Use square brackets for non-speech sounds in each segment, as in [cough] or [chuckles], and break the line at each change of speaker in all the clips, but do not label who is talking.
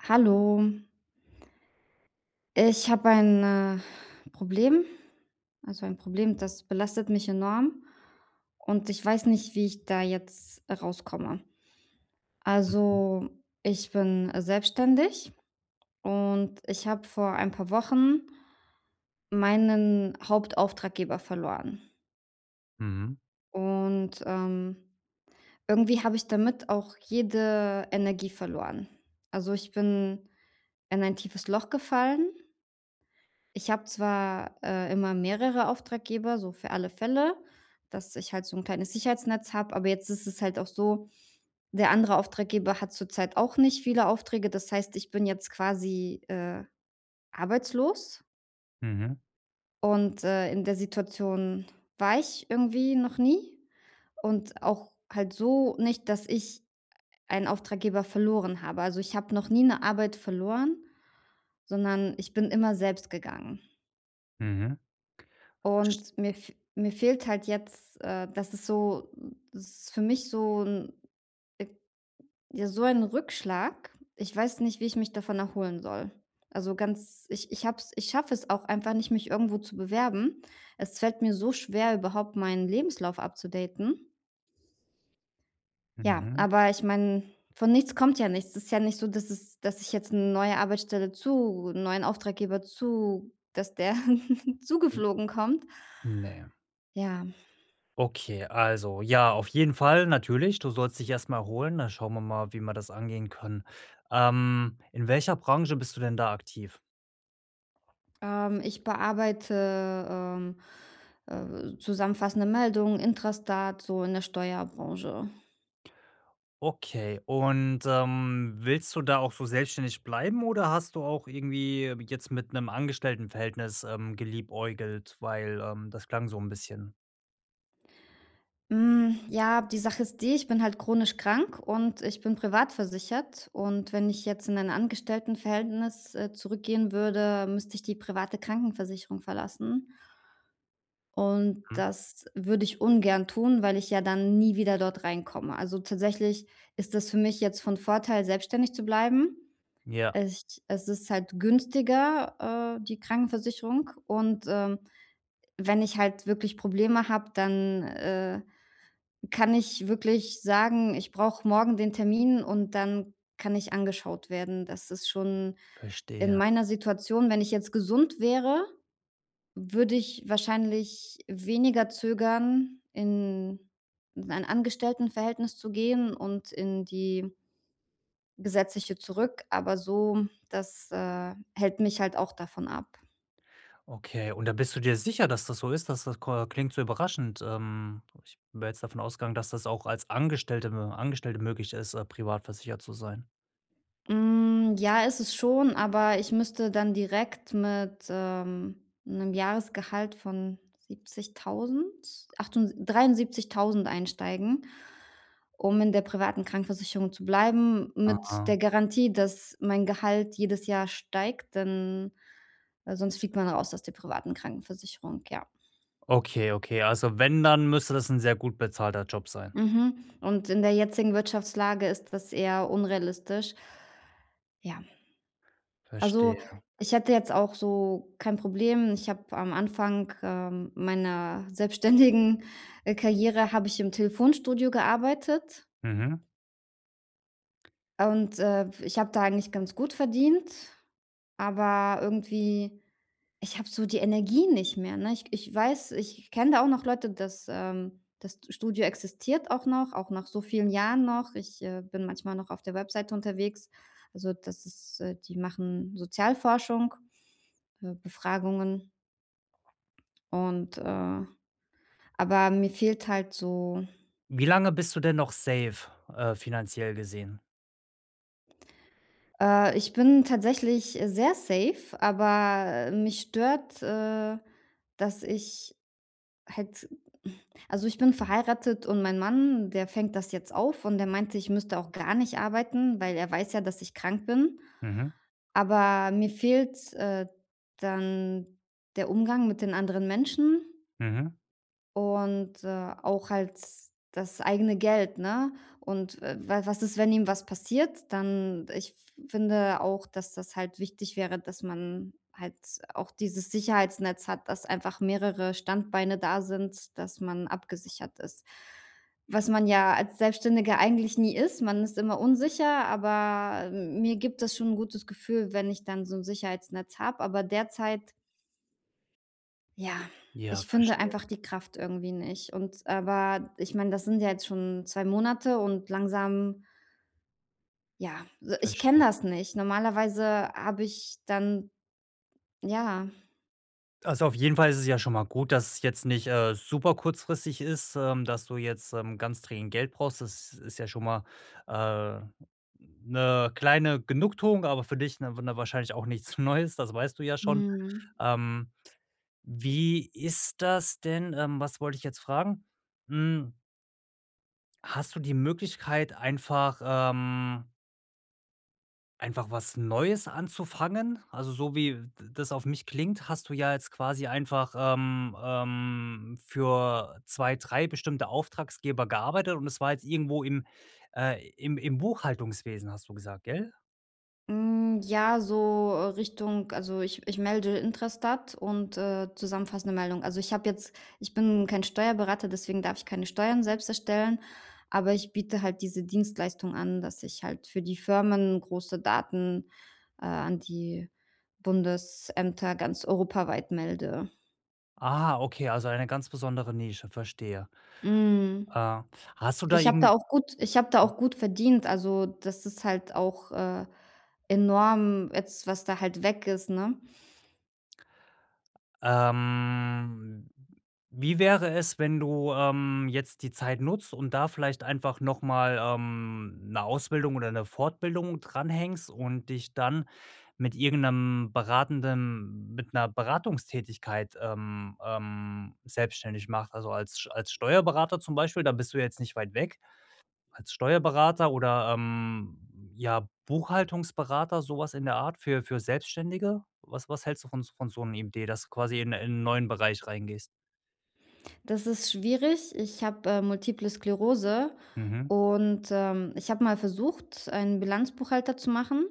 Hallo. Ich habe ein, äh, Problem. Also ein Problem, das belastet mich enorm und ich weiß nicht, wie ich da jetzt rauskomme.
Mhm.
Also, ich bin selbstständig und ich habe vor ein paar Wochen ...meinen Hauptauftraggeber verloren.
Mhm.
Und, ähm, irgendwie habe ich damit auch jede Energie verloren. Also, ich bin in ein tiefes Loch gefallen. Ich habe zwar, äh, immer mehrere Auftraggeber so für alle Fälle, dass ich halt so 'n kleines Sicherheitsnetz habe, aber jetzt ist es halt auch so, der andere Auftraggeber hat zurzeit auch nicht viele Aufträge. Das heißt, ich bin jetzt quasi, äh, arbeitslos.
Mhm.
Und, äh, in der Situation war ich irgendwie noch nie und auch halt so nicht, dass ich einen Auftraggeber verloren habe. Also, ich habe noch nie 'ne Arbeit verloren, sondern ich bin immer selbst gegangen.
Mhm. Verstehe.
Und mir f mir fehlt halt jetzt, äh, dass es so es ist für mich so 'n äh, ja so ein Rückschlag. Ich weiß nicht, wie ich mich davon erholen soll. Also ganz ich ich habe es ich schaffe es auch einfach nicht, mich irgendwo zu bewerben. Es fällt mir so schwer, überhaupt meinen Lebenslauf upzudaten. Ja,
Mhm.
aber ich meine, von nichts kommt ja nichts. Es ist ja nicht so, dass es dass ich jetzt 'ne neue Arbeitsstelle zu 'n neuen Auftraggeber zu dass der [giggles] zugeflogen kommt.
Ne.
Ja.
Okay, also ja, auf jeden Fall natürlich. Du sollst dich erst mal erholen, da schauen wir mal, wie man das angehen kann. Ähm, in welcher Branche bist du denn da aktiv?
Ähm, ich bearbeite, ähm, äh, zusammenfassende Meldungen, Intrastat so in der Steuerbranche.
Okay und, ähm, willst du da auch so selbstständig bleiben oder hast du auch irgendwie jetzt mit 'nem Angestelltenverhältnis, ähm, geliebäugelt, weil, ähm, das klang so 'n bisschen.
Hm, ja, die Sache ist die, ich bin halt chronisch krank und ich bin privat versichert. Und wenn ich jetzt in ein Angestelltenverhältnis, äh, zurückgehen würde, müsste ich die private Krankenversicherung verlassen. Und
Mhm.
das würde ich ungern tun, weil ich ja dann nie wieder dort reinkomme. Also, tatsächlich ist das für mich jetzt von Vorteil, selbstständig zu bleiben.
Ja.
Als ch also, es ist halt günstiger, äh, die Krankenversicherung. Und, ähm, wenn ich halt wirklich Probleme habe, dann, äh, kann ich wirklich sagen, ich brauche morgen den Termin und dann kann ich angeschaut werden. Das ist schon in
Verstehe.
meiner Situation wenn ich jetzt gesund wäre, würde ich wahrscheinlich weniger zögern, in in ein Angestelltenverhältnis zu gehen und in die Gesetzliche zurück. Aber so das, äh, hält mich halt auch davon ab.
Okay, und da bist du dir sicher, dass das so ist, dass das ko klingt so überraschend. Ähm, ich wäre jetzt davon ausgegangen, dass das auch als Angestellte wenn man Angestellte möglich ist, äh, privat versichert zu sein.
Hm, ja, ist es schon, aber ich müsste dann direkt mit, ähm, 'nem Jahresgehalt von 70.000, achtunds 73.000 einsteigen, um in der privaten Krankenversicherung zu bleiben mit
Aha.
der Garantie, dass mein Gehalt jedes Jahr steigt, denn weil sonst fliegt man raus aus der privaten Krankenversicherung, ja.
Okay, okay, also wenn, dann müsste das 'n sehr gut bezahlter Job sein.
Mhm. Und in der jetzigen Wirtschaftslage ist das eher unrealistisch. Ja. Ja. Also,
Verstehe.
ich hätte jetzt auch so kein Problem ich habe am Anfang, ähm, meiner selbstständigen, äh, Karriere habe ich im Telefonstudio gearbeitet.
Mhm.
Und, äh, w ich habe da eigentlich ganz gut verdient, aber irgendwie ich habe so die Energie nicht mehr, ne? Ich k ich weiß, ich ich kenne da auch noch Leute, das ähm, das d Studio existiert auch noch, auch nach so vielen Jahren noch. Ich, äh, bin manchmal noch auf der Webseite unterwegs. Also, das ist äh, die machen Sozialforschung, äh, Befragungen. Und, äh aber mir fehlt halt so
Wie lange bist du denn noch safe, äh, finanziell gesehen?
Äh, ich bin tatsächlich sehr safe, aber, äh, mich stört, äh, dass ich halt [sighs] also ich bin verheiratet und mein Mann, der fängt das jetzt auf und der meinte, ich müsste auch gar nicht arbeiten, weil er weiß ja, dass ich krank bin.
Mhm.
Aber mir fehlt, äh, dann der Umgang mit den anderen Menschen.
Mhm.
Und, äh, auch halt das eigene Geld, ne? Und, äh, wa was ist, wenn ihm was passiert? Dann ich f finde auch, dass das halt wichtig wäre, dass man halt auch dieses Sicherheitsnetz hat, dass einfach mehrere Standbeine da sind, dass man abgesichert ist, was man ja als Selbstständiger eigentlich nie ist, man ist immer unsicher, aber, äh, mir gibt es schon 'n gutes Gefühl, wenn ich dann so 'n Sicherheitsnetz habe. Aber derzeit ja,
Ja,
ich finde
verstehe.
einfach die Kraft irgendwie nicht. Und aber ich meine, das sind ja jetzt schon 2 Monate und langsam ja, so, ich kenne
Verstehe.
das nicht. Normalerweise habe ich dann ja.
Also, auf jeden Fall ist es ja schon mal gut, dass es jetzt nicht, äh, super kurzfristig ist, ähm, dass du jetzt, ähm, ganz dringend Geld brauchst. Das ist ja schon mal, äh, 'ne kleine Genugtuung, aber für dich 'ne w 'ne wahrscheinlich auch nichts Neues, das weißt du ja schon.
Mhm.
Ähm, wie ist das denn ähm, was wollte ich jetzt fragen? Hm Hast du die Möglichkeit einfach, ähm einfach was Neues anzufangen? Also, so wie d das auf mich klingt, hast du ja jetzt quasi einfach, ähm, ähm, für 2, 3 bestimmte Auftraggeber gearbeitet und es war jetzt irgendwo im äh, im im Buchhaltungswesen, hast du gesagt, gell?
Hm, ja, so Richtung also ich ich melde Intrastat und, äh, zusammenfassende Meldungen. Also, ich habe jetzt ich bin kein Steuerberater, deswegen darf ich keine Steuern selbst erstellen. Aber ich biete halt diese Dienstleistung an, dass ich halt für die Firmen große Daten, äh, an die Bundesämter ganz europaweit melde.
Ah, okay, also eine ganz besondere Nische, verstehe.
Mhm.
Äh, hast du da
Ich habe da
irgend
auch gut ich habe da
ja.
auch gut verdient. Also, das ist halt auch, äh, enorm jetzt, was da halt weg ist, ne?
Ähm, wie wäre es, wenn du, ähm, jetzt die Zeit nutzt und da vielleicht einfach noch mal, ähm, 'ne Ausbildung oder 'ne Fortbildung dran hängst und dich dann mit irgend 'nem beratenden mit 'ner Beratungstätigkeit, ähm, ähm, selbstständig machst. Also, als Sch als Steuerberater zum Beispiel, da bist du ja jetzt nicht weit weg, als Steuerberater oder, ähm, ja Buchhaltungsberater, so was in der Art für für Selbstständige? Was was hältst du von s von so 'nem Idee, dass du quasi in in 'n neuen Bereich reingehst?
Das ist schwierig. Ich habe, äh, Multiple Sklerose
Mhm.
und, ähm, ich habe mal versucht, einen Bilanzbuchhalter zu machen.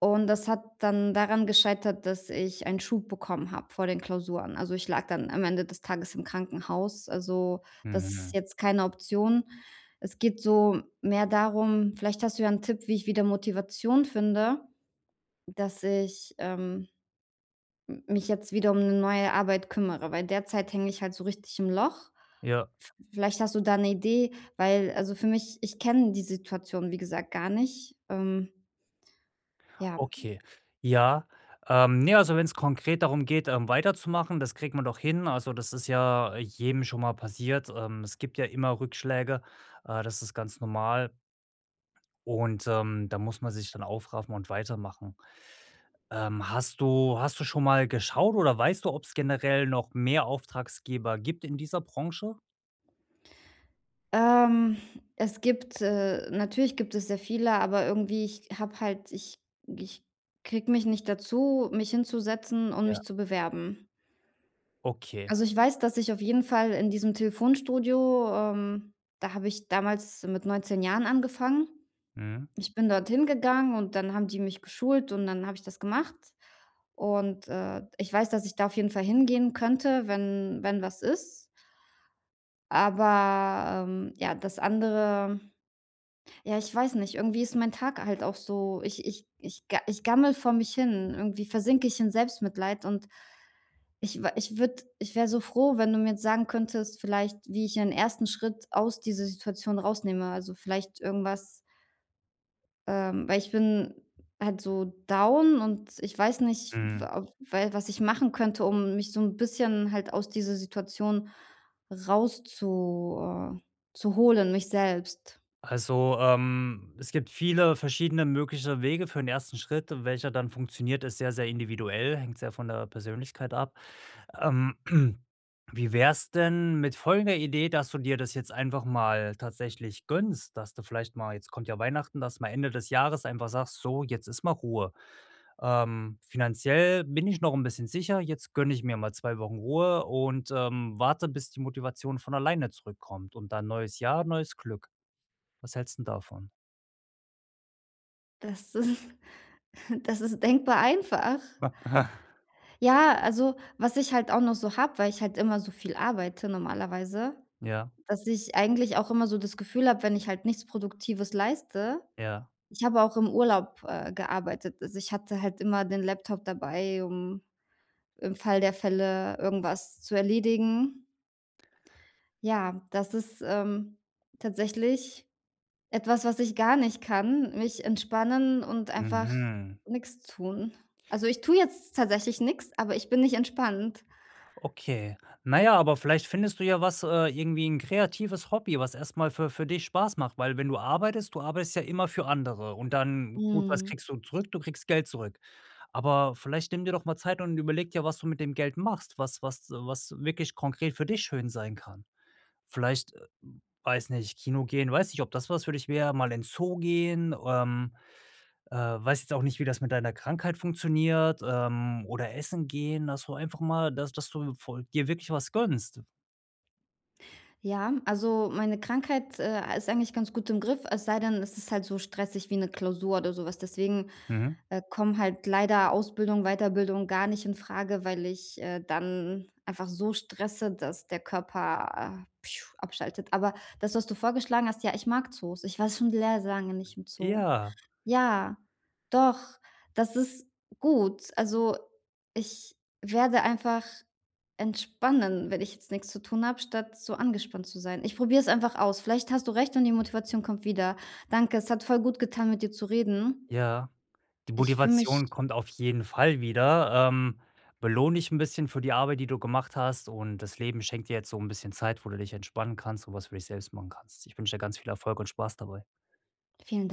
Und das hat dann daran gescheitert, dass ich einen Schub bekommen habe vor den Klausuren. Also, ich lag dann am Ende des Tages im Krankenhaus. Also, das ist
Mhm.
jetzt keine Option. Es geht so mehr darum vielleicht hast du ja 'n Tipp, wie ich wieder Motivation finde, dass ich, ähm, m mich jetzt wieder um 'ne neue Arbeit kümmere, weil derzeit hänge ich halt so richtig im Loch.
Ja.
V vielleicht hast du da 'ne Idee, weil also für mich ich kenne die Situation, wie gesagt, gar nicht, ähm Ja.
Okay, ja. Ähm, ne, also wenn's konkret darum geht, ähm, weiterzumachen, das kriegen wir doch hin. Also, das ist ja jedem schon mal passiert. Ähm, es gibt ja immer Rückschläge, äh, das ist ganz normal. Und, ähm, da muss man sich dann aufraffen und weitermachen. Ähm, hast du hast du schon mal geschaut oder weißt du, ob's generell noch mehr Auftraggeber gibt in dieser Branche?
Ähm, es gibt äh, natürlich gibt es sehr viele, aber irgendwie ich habe halt ich g ich kriege mich nicht dazu, mich hinzusetzen und
Ja.
mich zu bewerben.
Okay.
Also, ich weiß, dass ich auf jeden Fall in diesem Telefonstudio ähm, da habe ich damals mit 19 Jahren angefangen.
Mhm.
Ich bin dorthin gegangen und dann haben die mich geschult und dann habe ich das gemacht. Und, äh, ich weiß, dass ich da auf jeden Fall hingehen könnte, wenn wenn was ist. Aber, ähm, ja, das andere ja, ich weiß nicht, irgendwie ist mein Tag halt auch so ich ich ga ich gammele vor mich hin. Irgendwie versinke ich in Selbstmitleid und ich wa ich würde ich wäre so froh, wenn du mir jetzt sagen könntest vielleicht, wie ich ein 1. Schritt aus dieser Situation rausnehme. Also, vielleicht irgendwas ähm, weil ich bin halt so down und ich weiß nicht,
Mm.
wa we was ich machen könnte, um mich so 'n bisschen halt aus dieser Situation rauszu äh, zu holen, mich selbst.
Also, ähm, es gibt viele verschiedene mögliche Wege für den 1. Schritt, welcher dann funktioniert, ist sehr, sehr individuell, hängt sehr von der Persönlichkeit ab. Ähm, [clears throat] wie wär's denn mit folgender Idee, dass du dir das jetzt einfach mal tatsächlich gönnst, dass du vielleicht mal jetzt kommt ja Weihnachten, dass mal Ende des Jahres einfach sagst: „So, jetzt ist mal Ruhe. Ähm, finanziell bin ich noch 'n bisschen sicher, jetzt gönne ich mir mal 2 Wochen Ruhe und, ähm, warte, bis die Motivation von alleine zurückkommt und dann neues Jahr, neues Glück.“ Was hältst 'n davon?
Das ist [chuckles] das ist denkbar einfach.
[chuckles]
Ja, also was ich halt auch noch so habe, weil ich halt immer so viel arbeite normalerweise,
Ja.
dass ich eigentlich auch immer so das Gefühl habe, wenn ich halt nichts Produktives leiste
Ja.
ich habe auch im Urlaub, äh, gearbeitet. Also, ich hatte halt immer den Laptop dabei, um im Fall der Fälle irgendwas zu erledigen. Ja, das ist, ähm, tatsächlich etwas, was ich gar nicht kann, mich entspannen und einfach
Mhm.
nix tun. Also, ich tue jetzt tatsächlich nix, aber ich bin nicht entspannt.
Okay. Na ja, aber vielleicht findest du ja was, äh, irgendwie 'n kreatives Hobby, was erst mal für für dich Spaß macht, weil wenn du arbeitest, du arbeitest ja immer für andere und dann gut, was
Mhm.
kriegst du zurück? Du kriegst Geld zurück. Aber vielleicht nimm dir doch mal Zeit und überlege dir, was du mit dem Geld machst, was was du was wirklich konkret für dich schön sein kann. Vielleicht, weiß nicht, Kino gehen, weiß nicht, ob das was für dich wäre, mal in Zoo gehen, ähm, äh, weiß jetzt auch nicht, wie das mit deiner Krankheit funktioniert, ähm, oder Essen gehen, dass du einfach mal dass dass du voll dir wirklich was gönnst.
Ja, also meine Krankheit, äh, ist eigentlich ganz gut im Griff, es sei denn, es ist halt so stressig wie 'ne Klausur oder so was. Deswegen,
Mhm.
äh, kommen halt leider Ausbildung, Weiterbildung gar nicht infrage, weil ich, äh, dann einfach so stresse, dass der Körper a abschaltet. Aber das, was du vorgeschlagen hast: Ja, ich mag Zoos. Ich war schon sehr lange nicht im Zoo.
Ja.
Ja, doch. Das ist gut. Also, ich werde einfach entspannen, wenn ich jetzt nix zu tun habe, statt so angespannt zu sein. Ich probiere es einfach aus. Vielleicht hast du recht und die Motivation kommt wieder. Danke, es hat voll gut getan, mit dir zu reden.
Ja, die
Ich fühle mich
Motivation kommt auf jeden Fall wieder. Ähm, belohn dich 'n bisschen für die Arbeit, die du gemacht hast und das Leben schenkt dir jetzt so 'n bisschen Zeit, wo du dich entspannen kannst und was für dich selbst machen kannst. Ich wünsche dir ganz viel Erfolg und Spaß dabei.
Vielen [unintelligible]